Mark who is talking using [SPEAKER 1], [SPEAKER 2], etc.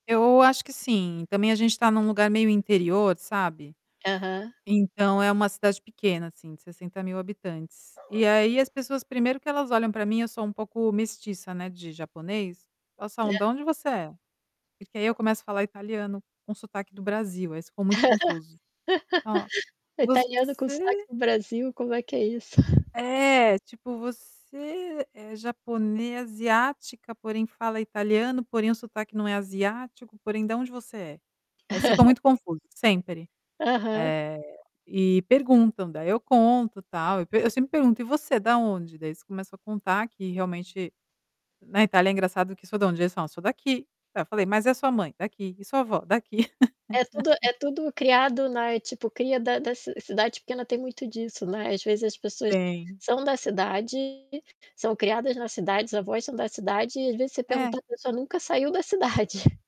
[SPEAKER 1] Eu acho que sim. Também a gente tá num lugar meio interior, sabe.
[SPEAKER 2] Aham.
[SPEAKER 1] Então é uma cidade pequena, assim, de 60.000 habitantes. E aí as pessoas primeiro que elas olham pra mim, eu sou um pouco mestiça, né, de japonês, elas
[SPEAKER 2] E
[SPEAKER 1] falam:
[SPEAKER 2] a
[SPEAKER 1] "Da onde você é?" Porque aí eu começo a falar italiano com sotaque do Brasil, aí eles ficam muito confuso. "Ó, você"
[SPEAKER 2] Italiano com sotaque do Brasil? Como é que é isso?
[SPEAKER 1] É, tipo, você é japone asiática, porém fala italiano, porém o sotaque não é asiático, porém "Da onde você é?" Aí eles ficam muito confuso, sempre.
[SPEAKER 2] Aham.
[SPEAKER 1] Eh, e perguntam, daí eu conto tal, e eu sempre pergunto: "E você, é da onde?" Daí eles começam a contar que, realmente na Itália é engraçado que sou "Da onde?" Aí eles falam: "Sou daqui." Aí eu falei: "Mas e a sua mãe?" "Daqui." "E sua avó?" "Daqui."
[SPEAKER 2] É tudo é tudo criado na tipo, cria da da ci cidade pequena, tem muito disso, né. Às vezes as pessoas
[SPEAKER 1] Tem.
[SPEAKER 2] são da cidade, são criadas na cidade, os avós são da cidade, e às vezes você
[SPEAKER 1] É.
[SPEAKER 2] pergunta, a pessoa nunca saiu da cidade.